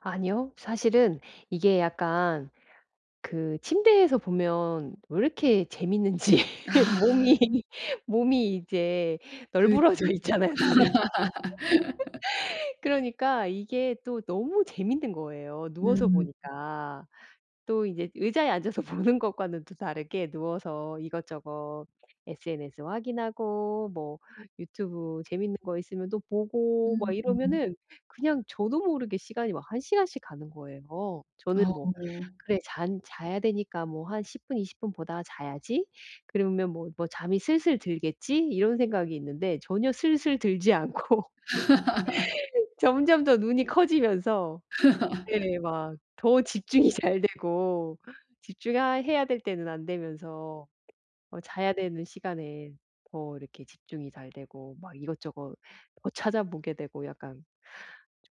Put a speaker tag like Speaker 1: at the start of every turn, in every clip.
Speaker 1: 아니요. 사실은 이게 약간 그 침대에서 보면 왜 이렇게 재밌는지
Speaker 2: 아.
Speaker 1: 몸이 몸이 이제
Speaker 2: 그럴 수
Speaker 1: 널브러져
Speaker 2: 있죠.
Speaker 1: 있잖아요 나름. 그러니까 이게 또 너무 재밌는 거예요, 누워서
Speaker 2: 음.
Speaker 1: 보니까. 또 이제 의자에 앉아서 보는 것과는 또 다르게 누워서 이것저것 SNS 확인하고 뭐 유튜브 재밌는 거 있으면 또 보고 막
Speaker 2: 음.
Speaker 1: 이러면은 그냥 저도 모르게 시간이 막 1 시간씩 가는 거예요. 저는 뭐
Speaker 2: 어.
Speaker 1: 그래 '잔 자야 되니까 뭐 한 10 분 20 분 보다가 자야지.' 그러면 뭐, 뭐 '잠이 슬슬 들겠지.' 이런 생각이 있는데 전혀 슬슬 들지 않고 점점 더 눈이 커지면서 네 막 더 집중이 잘되고 집중하 해야 될 때는 안되면서 어 자야 되는 시간에 더 이렇게 집중이 잘되고 막 이것저것 더 찾아보게 되고 약간 좀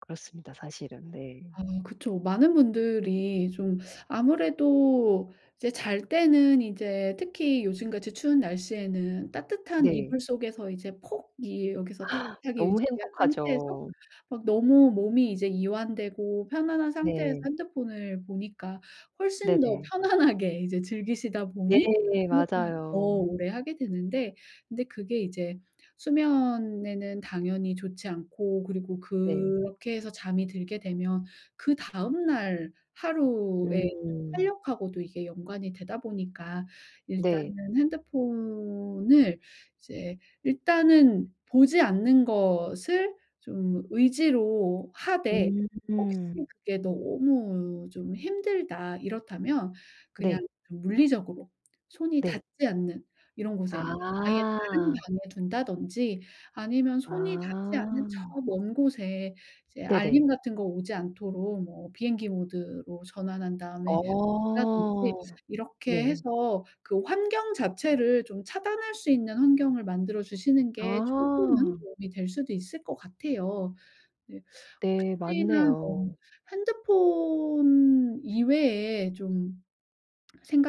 Speaker 1: 그렇습니다 사실은. 네.
Speaker 2: 아 그쵸. 많은 분들이 좀 아무래도 이제 잘 때는 이제 특히 요즘같이 추운 날씨에는 따뜻한
Speaker 1: 네.
Speaker 2: 이불 속에서 이제 폭 이 여기서 따뜻하게
Speaker 1: 너무
Speaker 2: 유지한 상태에서
Speaker 1: 행복하죠.
Speaker 2: 막 너무 몸이 이제 이완되고 편안한 상태에서
Speaker 1: 네.
Speaker 2: 핸드폰을 보니까 훨씬 더
Speaker 1: 네네.
Speaker 2: 편안하게 이제 즐기시다
Speaker 1: 네
Speaker 2: 보니 핸드폰을 더
Speaker 1: 맞아요.
Speaker 2: 오래 하게 되는데 근데 그게 이제 수면에는 당연히 좋지 않고 그리고
Speaker 1: 네.
Speaker 2: 그렇게 해서 잠이 들게 되면 그다음 날 하루의
Speaker 1: 음.
Speaker 2: 활력 하고도 이게 연관이 되다 보니까
Speaker 1: 네.
Speaker 2: 일단은 핸드폰을 이제 일단은 보지 않는 것을 좀 의지로 하되 혹시
Speaker 1: 음.
Speaker 2: '그게 너무 좀 힘들다.' 이렇다면 그냥
Speaker 1: 네.
Speaker 2: 물리적으로 손이
Speaker 1: 네.
Speaker 2: 닿지 않는 이런 곳에 뭐 아예 다른
Speaker 1: 아.
Speaker 2: 방에 둔다든지 아니면 손이 닿지 않는 저
Speaker 1: 아.
Speaker 2: 먼 곳에 이제 알림
Speaker 1: 네네.
Speaker 2: 같은 거 오지 않도록 뭐 비행기 모드로 전환한 다음에
Speaker 1: 어.
Speaker 2: 둔다든지 이렇게
Speaker 1: 네.
Speaker 2: 해서 그 환경 자체를 좀 차단할 수 있는 환경을 만들어 주시는 게 조금은
Speaker 1: 아.
Speaker 2: 도움이 될 수도 있을 것 같아요. 네.
Speaker 1: 네
Speaker 2: 혹시나 뭐
Speaker 1: 맞네요.
Speaker 2: 핸드폰 이외에 좀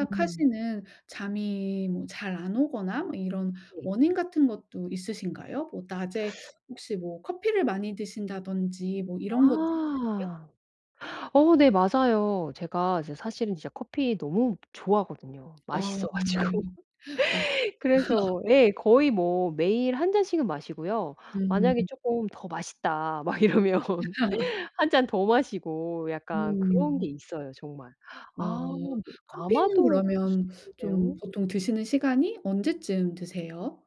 Speaker 1: 음.
Speaker 2: 잠이 뭐 잘 안 오거나 뭐 이런
Speaker 1: 네.
Speaker 2: 원인 같은 것도 있으신가요? 뭐 낮에 혹시 뭐 커피를 많이 드신다든지 뭐 이런 것도 있으세요?
Speaker 1: 아. 어 네 맞아요. 제가 이제 사실은 이제 커피 너무 좋아하거든요,
Speaker 2: 어.
Speaker 1: 맛있어 가지고.
Speaker 2: 맞
Speaker 1: 그래서 예 거의 뭐 매일 1 잔씩은 마시고요. 만약에
Speaker 2: 음.
Speaker 1: 쪼끔 '더 맛있다.' 막 이러면 1 잔 더 마시고 약간 그런
Speaker 2: 음.
Speaker 1: 게 있어요 정말.
Speaker 2: 아.
Speaker 1: 아 네
Speaker 2: 커피는
Speaker 1: 아마도 그럴 수
Speaker 2: 그러면 좀
Speaker 1: 있겠네요.
Speaker 2: 보통 드시는 시간이 언제쯤 드세요?